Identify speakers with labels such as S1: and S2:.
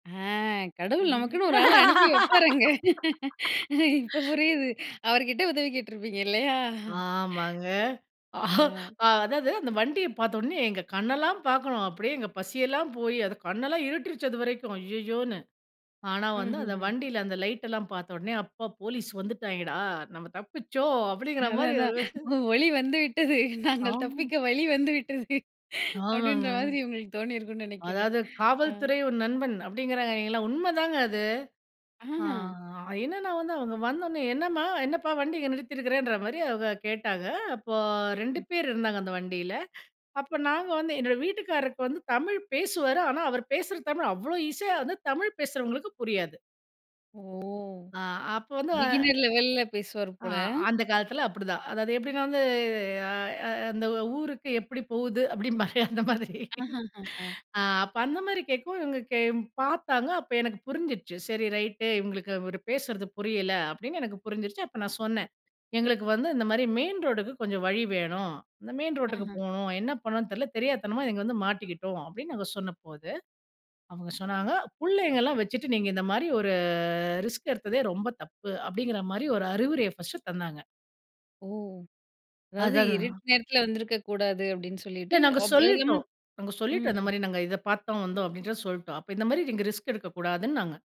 S1: ஆ கடவுள் நமக்குன்னு ஒரு ஆள் அனுப்பி வைப்பாருங்க. இப்போ புரியுது அவர்கிட்ட உதவி கேட்டிருப்பீங்க இல்லையா?
S2: ஆமாங்க
S1: ஆ.
S2: அதாது அந்த வண்டிய பார்த்த உடனே எங்க கண்ணெல்லாம் பார்க்கணும். அப்டியே எங்க பசியெல்லாம் போய் அது கண்ணெல்லாம் இருட்டிருச்சு அது வரைக்கும் "ஐயயோ"ன்னு. ஆனா
S1: ம்,
S2: வந்து அந்த
S1: ம், ம்.
S2: வண்டில அந்த லைட்டல்லாம் பார்த்த உடனே "அப்பா போலீஸ் வந்துட்டாங்கேடா நம்ம தப்பிச்சோம்" அப்டிங்கிற
S1: அதான்
S2: மாரி ஒரு
S1: அதான் ஒலி வந்துவிட்டது நாங்கள்
S2: ஆமா.
S1: தப்பிக்க வழி வந்துவிட்டது அப்டின்ற
S2: ஆமாங்க.
S1: மாதிரி உங்களுக்கு தோணியிருக்கும்னு நினைக்கிறேன்.
S2: அதாது
S1: அ.
S2: காவல்துறை உன் நண்பன் அப்டிங்கிறாங்கேங்கல்ல உண்மைதாங்க அது. ஆ
S1: அ.
S2: என்னென்னா வந்து அவங்க வந்தோன்னே "என்னம்மா? என்னப்பா? வண்டி இங்கே நிறுத்தியிருக்கிறே"ன்ற மாரி அவங்க கேட்டாக. அப்போ 2 பேர் இருந்தாங்க அந்த வண்டியில. அப்போ நாங்க வந்து என்னோட வீட்டுக்காரருக்கு வந்து தமிழ் பேசுவாரு. ஆனா அவர் பேசுற தமிழ் அவ்வளோ ஈஸியா வந்து தமிழ் பேசுகிறவங்களுக்கு புரியாது.
S1: ஓ!
S2: ஆ அப்போ வந்து ஆ
S1: பிகின்னர் லெவல்ல பேசுவார்
S2: அ
S1: போல.
S2: அந்த காலத்தில அப்டிதான் அதாது எப்படின்னா வந்து அ அ "அந்த ஊருக்கு எப்டி போகுது?" அப்டின்னு அந்த மாதிரி
S1: அஹஹஹ.
S2: ஆ அப்ப அந்த மாரி கேட்கவும் இவங்க பார்த்தாங்க. அப்ப எனக்கு புரிஞ்சிருச்சு சரி ரைட்டு இவுங்களுக்கு பேசுறது புரியல அப்டின்னு எனக்கு புரிஞ்சிருச்சு அப்ப நான் சொன்னேன். "எங்களுக்கு வந்து இந்த மாரி மெயின் ரோட்டுக்கு கொஞ்சம் வழி வேணும், இந்த மெயின் ரோட்டுக்கு
S1: ஆஹ.
S2: போணும், என்ன பண்ணணும்னு தெரியல தெரியாத்தனமா இங்கே வந்து மாட்டிக்கிட்டோம்." அப்டின்னு நாங்க சொன்னபோது, அவங்க சொன்னாங்க ''புள்ளைங்கல்லாம் வச்சுட்டு நீங்க இந்த மாரி ஒரு ரிஸ்க் எடுத்ததே ரொம்ப தப்பு'' அப்டிங்கிற மாரி ஒரு அறிவுரைய ஃபர்ஸ்ட்டு தந்தாங்க.
S1: ஓ. அதாது
S2: அத அதான்.
S1: இருட்டு நேரத்தில வந்திருக்க கூடாது அப்டின்னு
S2: இல்ல
S1: சொல்லிட்டு.
S2: நாங்க
S1: அது இல்லாம
S2: சொல்லிட்டோம் நாங்க சொல்லிட்டோம் "இந்த
S1: ம்.
S2: மாரி நாங்க இத பார்த்தோம் வந்தோம்" அப்டின்னு சொல்லிட்டோம். அப்ப இந்த மாரி ரிஸ்க் எடுக்க கூடாதுன்னு நாங்க.